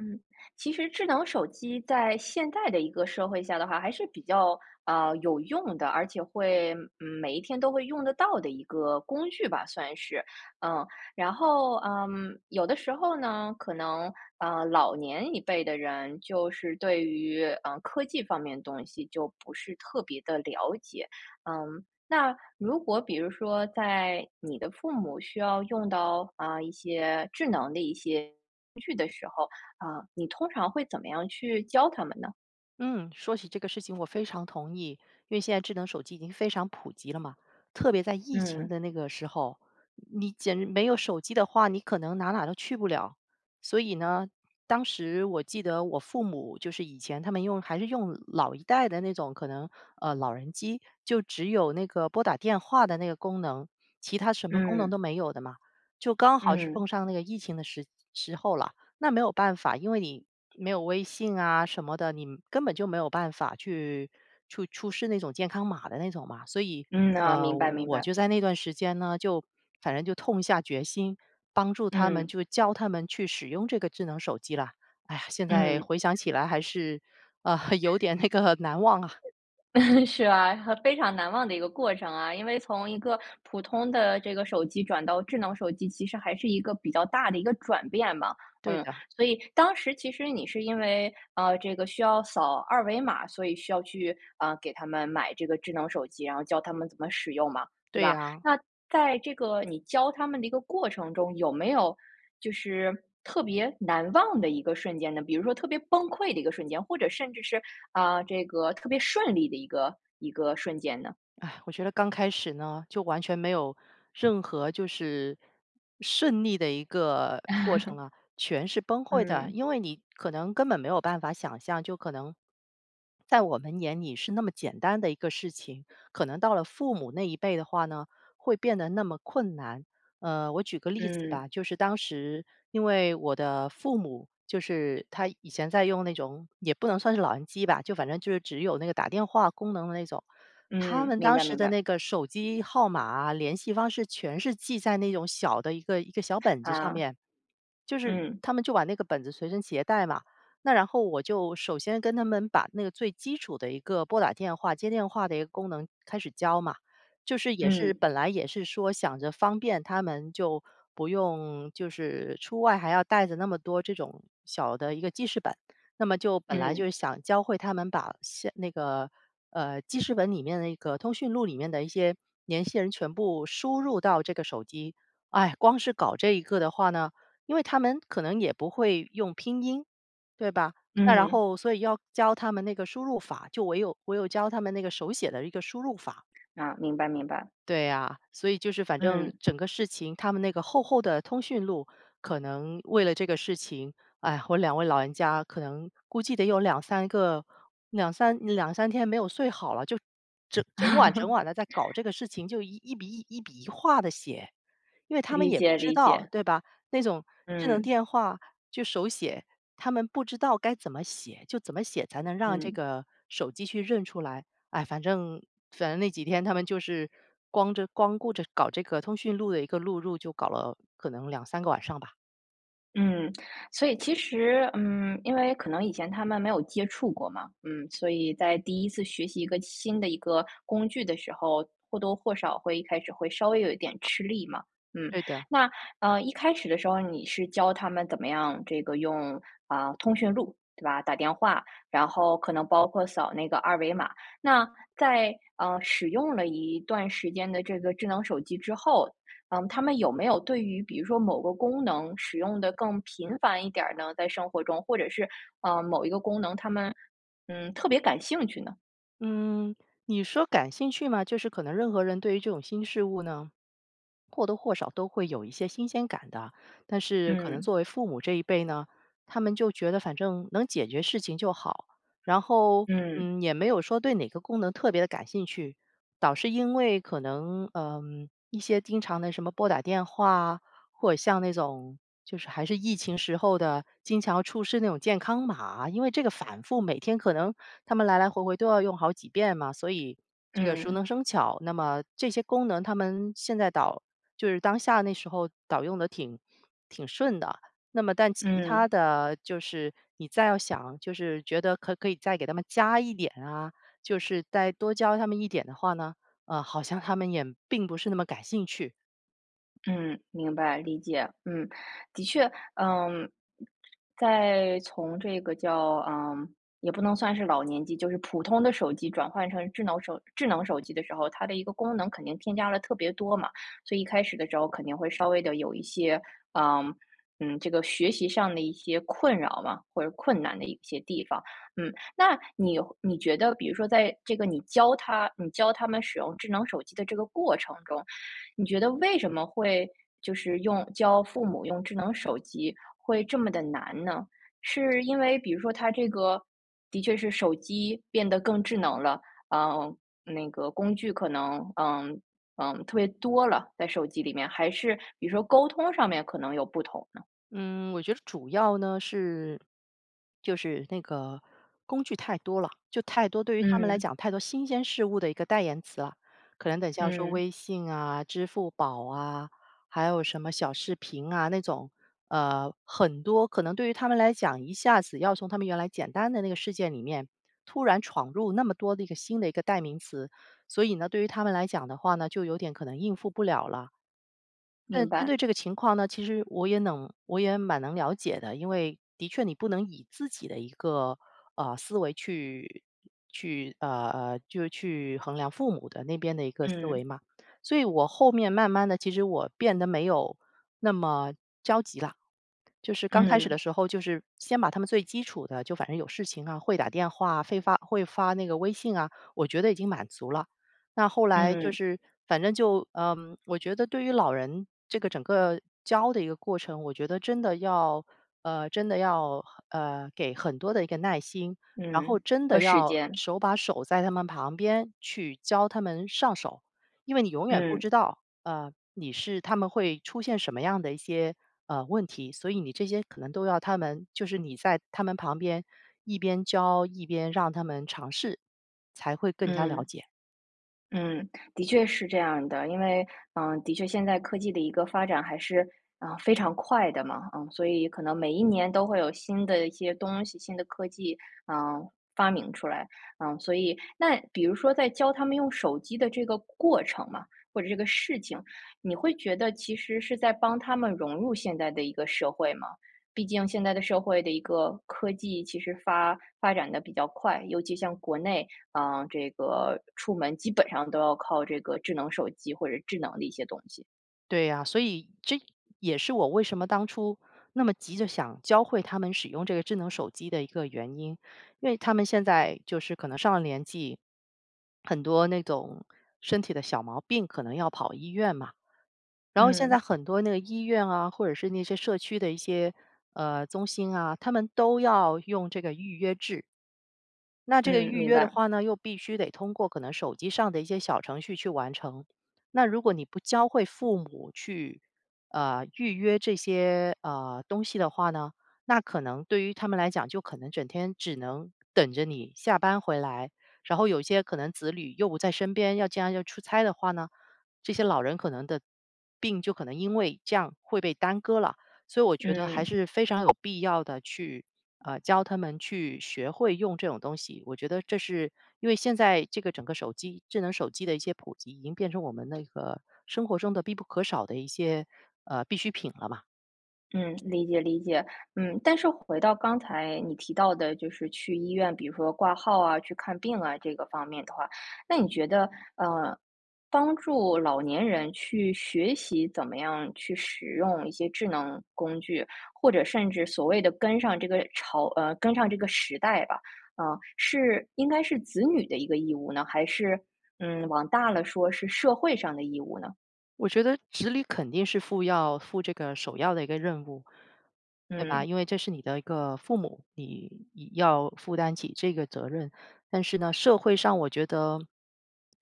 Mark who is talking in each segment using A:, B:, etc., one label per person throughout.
A: 嗯，其实智能手机在现代的一个社会下的话还是比较，呃，有用的，而且会每一天都会用得到的一个工具吧，算是。嗯，然后，嗯，有的时候呢，可能，呃，老年一辈的人，就是对于，呃，科技方面的东西就不是特别地了解。嗯，那如果比如说在你的父母需要用到，啊，一些智能的一些工具的时候，啊，你通常会怎么样去教他们呢？
B: 嗯，说起这个事情我非常同意。因为现在智能手机已经非常普及了嘛，特别在疫情
A: 嗯。
B: 的那个时候，你简直没有手机的话，你可能哪儿哪儿都去不了。所以呢，当时我记得我父母就是以前他们用还是用老一代的那种可能，呃，老人机，就只有那个拨打电话的那个功能，其他什么功能
A: 嗯。
B: 都没有的嘛。就刚好是
A: 嗯。
B: 碰上那个疫情的时时候了，那没有办法，因为你没有微信啊什么的，你根本就没有办法去出出示那种健康码的那种嘛。所以，
A: 嗯，啊，
B: 呃，
A: 明白明
B: 我
A: 白。
B: 就在那段时间呢，就反正就痛下决心，帮助他们，
A: 嗯。
B: 就教他们去使用这个智能手机了。哎呀，现在
A: 嗯。
B: 回想起来还是，呃，有点那个难忘啊。
A: 是啊，和非常难忘的一个过程啊，因为从一个普通的这个手机转到智能手机，其实还是一个比较大的一个转变吧。
B: 对
A: 嗯，
B: 的。
A: 所以当时其实你是因为，呃，这个需要扫二维码，所以需要去，啊，给他们买这个智能手机，然后教他们怎么使用嘛，对
B: 对
A: 吧？
B: 呀。
A: 那在这个你教他们的一个过程中，有没有就是特别难忘的一个瞬间呢？比如说特别崩溃的一个瞬间，或者甚至是，啊，这个特别顺利的一个一个瞬间呢？
B: 唉，我觉得刚开始呢，就完全没有任何就是顺利的一个过程 了，全是崩溃的。
A: 嗯。
B: 因为你可能根本没有办法想象，就可能，在我们眼里是那么简单的一个事情，可能到了父母那一辈的话呢，会变得那么困难。呃，我举个例子
A: 嗯。
B: 吧，就是当时因为我的父母就是他以前在用那种，也不能算是老人机吧，就反正就是只有那个打电话功能的那种。他
A: 嗯，
B: 们
A: 明
B: 当
A: 白
B: 时
A: 明
B: 的
A: 白。
B: 那个手机号码联系方式全是记在那种小的一个一个小本子上
A: 呃。
B: 面。就是，
A: 嗯。
B: 他们就把那个本子随身携带嘛。那然后我就首先跟他们把那个最基础的一个拨打电话、接电话的一个功能开始教嘛，就是也是
A: 嗯。
B: 本来也是说想着方便他们，就不用就是出外还要带着那么多这种小的一个记事本。那么就本来就
A: 嗯。
B: 是想教会他们把写那个，呃，记事本里面那个通讯录里面的一些联系人全部输入到这个手机。唉，光是搞这一个的话呢，因为他们可能也不会用拼音，对吧，那然
A: 嗯。
B: 后所以要教他们那个输入法，就唯有唯有教他们那个手写的一个输入法。
A: 啊，明白明白。
B: 对啊，所以就是反正
A: 嗯。
B: 整个事情，他们那个厚厚的通讯录，可能为了这个事情，唉，我2位老人家，可能估计得有2-3个2-32-3天没有睡好了，就整整晚整 晚地在搞这个事情，就一一笔一笔一划地写。因为他们
A: 理
B: 也不
A: 解
B: 知
A: 理
B: 道
A: 解。
B: 对吧？那种智能
A: 嗯。
B: 电话就手写，他们不知道该怎么写，就怎么写才能让这
A: 嗯。
B: 个手机去认出来。唉，反正反正那几天他们就是光这光顾着搞这个通讯录的一个录入，就搞了可能2-3个晚上吧。
A: 嗯。所以其实，嗯，因为可能以前他们没有接触过嘛，嗯，所以在第一次学习一个新的一个工具的时候，或多或少会一开始会稍微有一点吃力嘛，嗯。
B: 对的。
A: 那，呃，一开始的时候，你是教他们怎么样这个用，啊，通讯录，对吧，打电话？然后可能包括扫那个二维码。那，在，呃，使用了一段时间的这个智能手机之后，嗯，他们有没有对于比如说某个功能使用地更频繁一点儿呢？在生活中，或者是，呃，某一个功能，他们，嗯，特别感兴趣呢？
B: 嗯，你说感兴趣吗？就是可能任何人对于这种新事物呢，或多或少都会有一些新鲜感的。但是可能
A: 嗯。
B: 作为父母这一辈呢，他们就觉得反正能解决事情就好。然后，
A: 嗯。
B: 嗯，也没有说对哪个功能特别地感兴趣，倒是因为可能，呃，一些经常地什么拨打电话啊，或者像那种，就是还是疫情时候的，经常要出示那种健康码，因为这个反复每天可能他们来来回回都要用好几遍嘛，所以，这个熟
A: 嗯。
B: 能生巧，那么这些功能他们现在倒就是当下那时候倒用得挺挺顺的。那么但其它
A: 嗯。
B: 的就是你再要想，就是觉得可可以再给他们加一点啊，就是再多教他们一点的话呢，呃，好像他们也并不是那么感兴趣。
A: 嗯，明白。理解，嗯。的确，呃，在从这个叫，呃，也不能算是老年机，就是普通的手机转换成智能手智能手机的时候，它的一个功能肯定添加了特别多嘛，所以一开始的时候肯定会稍微的有一些啊，嗯，这个学习上的一些困扰吧，或者困难的一些地方。嗯，那你你觉得比如说在这个你教他，你教他们使用智能手机的这个过程中，你觉得为什么会，就是用教父母用智能手机会这么地难呢？是因为比如说他这个，的确是手机变得更智能了，啊，那个工具可能，嗯，嗯，特别多了，在手机里面，还是比如说沟通上面可能有不同呢？
B: 嗯，我觉得主要呢是，就是那个，工具太多了。就太多对于他们来
A: 嗯。
B: 讲太多新鲜事物的一个代言词啊，可能等一下要说
A: 嗯。
B: 微信啊、支付宝啊、还有什么小视频啊那种，呃，很多可能对于他们来讲一下子要从他们原来简单的那个事件里面，突然闯入那么多的一个新的一个代名词。所以呢，对于他们来讲的话呢，就有点可能应付不了了。那
A: 明
B: 针
A: 白。
B: 对这个情况呢，其实我也能，我也蛮能了解的。因为的确你不能以自己的一个，呃，思维去去，呃呃，就是去衡量父母的那边的一个思
A: 嗯。
B: 维嘛。所以我后面慢慢地其实我变得没有那么着急了。就是刚开始的
A: 嗯。
B: 时候，就是先把他们最基础的，就反正有事情啊会打电话会发会发那个微信啊，我觉得已经满足了。那后来就
A: 嗯。
B: 是，反正就，呃，我觉得对于老人，这个整个教的一个过程，我觉得真的要，呃，真的要，呃，给很多的一个耐心。然后
A: 嗯，
B: 真
A: 和
B: 的
A: 时
B: 要，
A: 间。
B: 手把手在他们旁边去教他们上手，因为你永远不
A: 嗯。
B: 知道，呃，你是他们会出现什么样的一些，呃，问题，所以你这些可能都要他们，就是你在他们旁边一边教一边让他们尝试，才会更加了
A: 嗯。
B: 解。
A: 嗯，的确是这样的，因为，呃，的确现在科技的一个发展还是，呃，非常快的嘛。嗯，所以可能每一年都会有新的一些东西、新的科技，啊，发明出来。嗯，所以那比如说在教他们用手机的这个过程嘛，或者这个事情，你会觉得其实是在帮他们融入现代的一个社会吗？毕竟现在的社会的一个科技其实发发展地比较快，尤其像国内，啊，这个出门基本上都要靠这个智能手机或者智能的一些东西。
B: 对啊。所以这也是我为什么当初那么急着想教会他们使用这个智能手机的一个原因。因为他们现在就是可能上了年纪，很多那种身体的小毛病可能要跑医院嘛。然后现在
A: 嗯。
B: 很多那个医院啊，或者是那些社区的一些，呃，中心啊，他们都要用这个预约制。那这个
A: 嗯，
B: 预
A: 明
B: 约的
A: 白。
B: 话呢，又必须得通过可能手机上的一些小程序去完成。那如果你不教会父母去，呃，预约这些，呃，东西的话呢，那可能对于他们来讲，就可能整天只能等着你下班回来。然后有些可能子女又不在身边，要将要出差的话呢，这些老人可能的病就可能因为这样会被耽搁了。所以我觉得还
A: 嗯。
B: 是非常有必要的去，呃，教他们去学会用这种东西。我觉得这是因为现在这个整个手机智能手机的一些普及已经变成我们那个生活中的必不可少的一些，呃，必需品了嘛。
A: 嗯，理解理解，嗯，但是回到刚才你提到的就是去医院，比如说挂号啊，去看病啊这个方面的话，那你觉得，呃，帮助老年人去学习，怎么样去使用一些智能工具，或者甚至所谓的跟上这个潮呃，跟上这个时代吧，啊，是应该是子女的一个义务呢？还是，嗯，往大了说是社会上的义务呢？
B: 我觉得子女肯定是负要负这个首要的一个任务。对吧？
A: 嗯。
B: 因为这是你的一个父母，你要负担起这个责任。但是呢，社会上我觉得，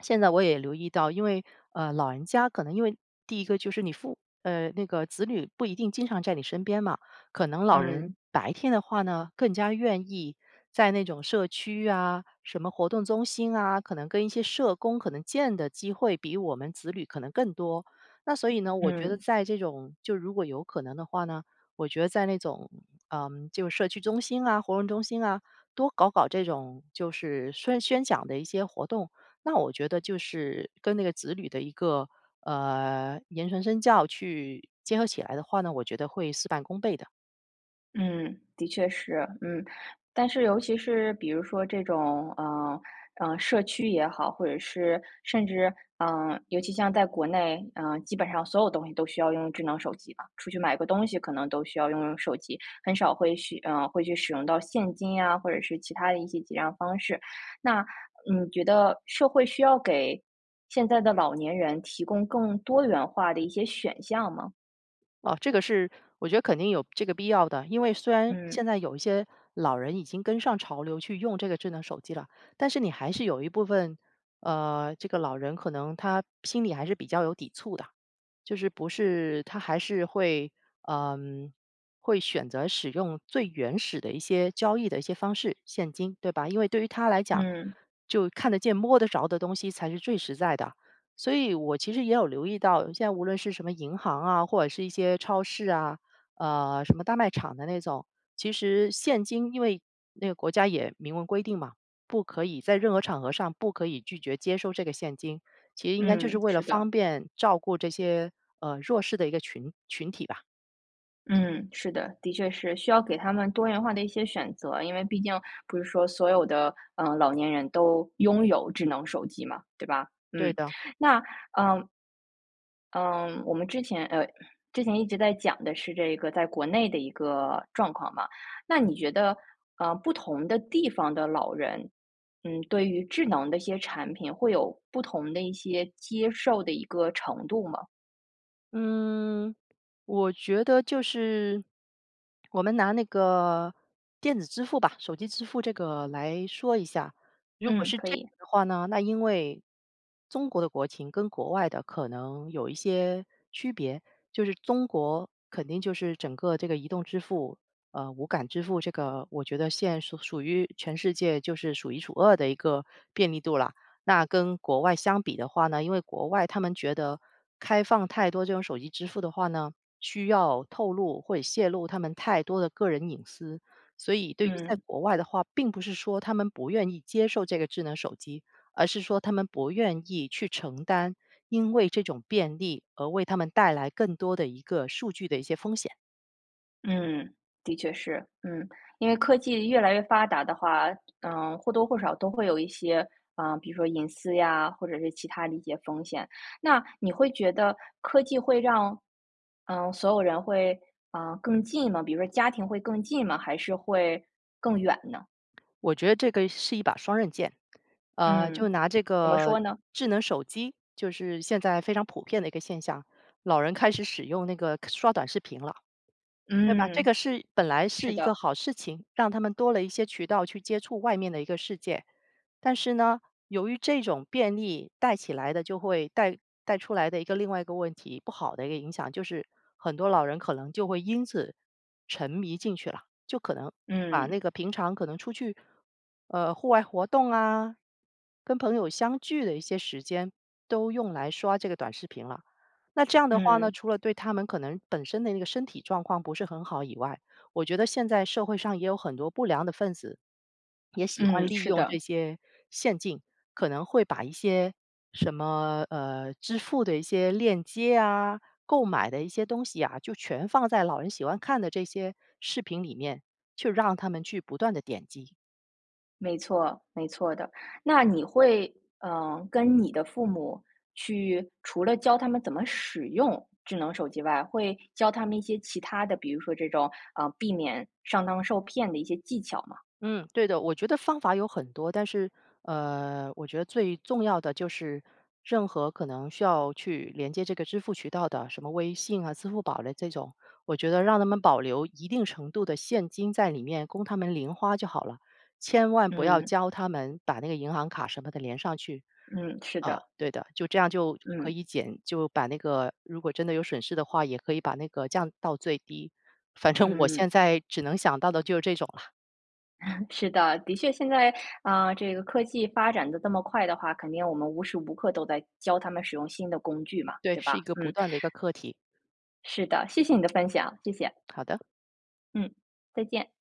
B: 现在我也留意到，因为，呃，老人家可能因为第一个就是你呃，那个子女不一定经常在你身边嘛，可能老人
A: 嗯。
B: 白天的话呢更加愿意在那种社区呀什么活动中心啊，可能跟一些社工可能见的机会比我们子女可能更多。那所以呢，我觉得
A: 嗯。
B: 在这种就如果有可能的话呢，我觉得在那种，呃，就是社区中心啊、活动中心啊多搞搞这种就是宣宣讲的一些活动，那我觉得就是跟那个子女的一个，呃，言传身教去结合起来的话呢，我觉得会事半功倍的。
A: 嗯，的确是，嗯。但是尤其是比如说这种，呃，呃，社区也好，或者是甚至，啊，尤其像在国内啊，基本上所有东西都需要用智能手机吧。出去买个东西可能都需要用用手机，很少会去呃，会去使用到现金呀，或者是其他的一些结账方式。那你觉得社会需要给现在的老年人提供更多元化的一些选项吗？
B: 啊，这个是我觉得肯定有这个必要的。因为虽然
A: 嗯。
B: 现在有一些老人已经跟上潮流去用这个智能手机了，但是你还是有一部分，呃，这个老人可能他心里还是比较有抵触的，就是不是他还是会，呃，会选择使用最原始的一些交易的一些方式，现金，对吧？因为对于他来讲，
A: 嗯。
B: 就看得见、摸得着的东西才是最实在的。所以我其实也有留意到，现在无论是什么银行啊，或者是一些超市啊，呃，什么大卖场的那种。其实现金，因为那个国家也明文规定嘛，不可以在任何场合上不可以拒绝接收这个现金，其实应该就是
A: 嗯，
B: 为了
A: 是的。
B: 方便照顾这些，呃，弱势的一个群群体吧。
A: 嗯，是的，的确是需要给他们多元化的一些选择，因为毕竟不是说所有的，呃，老年人都拥有智能手机嘛，对吧？
B: 对
A: 嗯，
B: 的。
A: 那呃。嗯，我们之前，呃，之前一直在讲的是这个在国内的一个状况嘛，那你觉得，呃，不同的地方的老人，嗯，对于智能的一些产品会有不同的一些接受的一个程度吗？
B: 嗯，我觉得就是，我们拿那个电子支付吧，手机支付这个来说一下。如果
A: 嗯，
B: 是
A: 可
B: 这样
A: 以。
B: 的话呢，那因为中国的国情跟国外的可能有一些区别，就是中国肯定就是整个这个移动支付，呃，无感支付这个我觉得现是属于全世界就是数一数二的一个便利度了，那跟国外相比的话呢，因为国外他们觉得开放太多这种手机支付的话呢，需要透露或泄露他们太多的个人隐私。所以对于在
A: 嗯。
B: 国外的话，并不是说他们不愿意接受这个智能手机，而是说他们不愿意去承担因为这种便利而为他们带来更多的一个数据的一些风险。
A: 嗯，的确是。嗯，因为科技越来越发达的话，嗯，或多或少都会有一些啊，比如说隐私呀，或者是其它的一些风险。那你会觉得科技会让，嗯，所有人会，啊，更近吗？比如说家庭会更近吗，还是会更远呢？
B: 我觉得这个是一把双刃剑。呃，就
A: 嗯，
B: 拿这
A: 怎么
B: 个
A: 说呢？
B: 智能手机，就是现在非常普遍的一个现象，老人开始使用那个刷短视频了，对吧？这
A: 嗯。
B: 个是本来是
A: 是
B: 一个
A: 的。
B: 好事情，让他们多了一些渠道去接触外面的一个世界。但是呢，由于这种便利带起来的就会带带出来的一个另外一个问题，不好的一个影响，就是很多老人可能就会因此沉迷进去了。就可能把
A: 嗯。
B: 那个平常可能出去，呃，户外活动啊，跟朋友相聚的一些时间都用来刷这个短视频了。那这样的话呢，
A: 嗯。
B: 除了对他们可能本身的那个身体状况不是很好以外，我觉得现在社会上也有很多不良的分子，也喜
A: 嗯，
B: 欢利
A: 是
B: 用这
A: 的。
B: 些陷阱，可能会把一些什么，呃，支付的一些链接啊，购买的一些东西啊，就全放在老人喜欢看的这些视频里面，去让他们去不断地点击。
A: 没错，没错的。那你会，呃，跟你的父母去，除了教他们怎么使用智能手机外，会教他们一些其它的，比如说这种，啊，避免上当受骗的一些技巧吗？
B: 嗯，对的，我觉得方法有很多，但是，呃，我觉得最重要的就是任何可能需要去连接这个支付渠道的，什么微信啊、支付宝的这种，我觉得让他们保留一定程度的现金在里面供他们零花就好了，千万不要
A: 嗯。
B: 教他们把那个银行卡什么的连上去。
A: 嗯，是
B: 啊，
A: 的。
B: 对的，就这样就可
A: 嗯。
B: 以减就把那个如果真的有损失的话，也可以把那个降到最低，反正我
A: 嗯。
B: 现在只能想到的就是这种了。
A: 是的。的确现在，啊，这个科技发展得这么快的话，肯定我们无时无刻都在教他们使用新的工具嘛，
B: 对，
A: 对
B: 是一
A: 吧？
B: 个不
A: 嗯。
B: 断的一个课题。
A: 是的，谢谢你的分享，谢谢。
B: 好的。
A: 嗯，再见。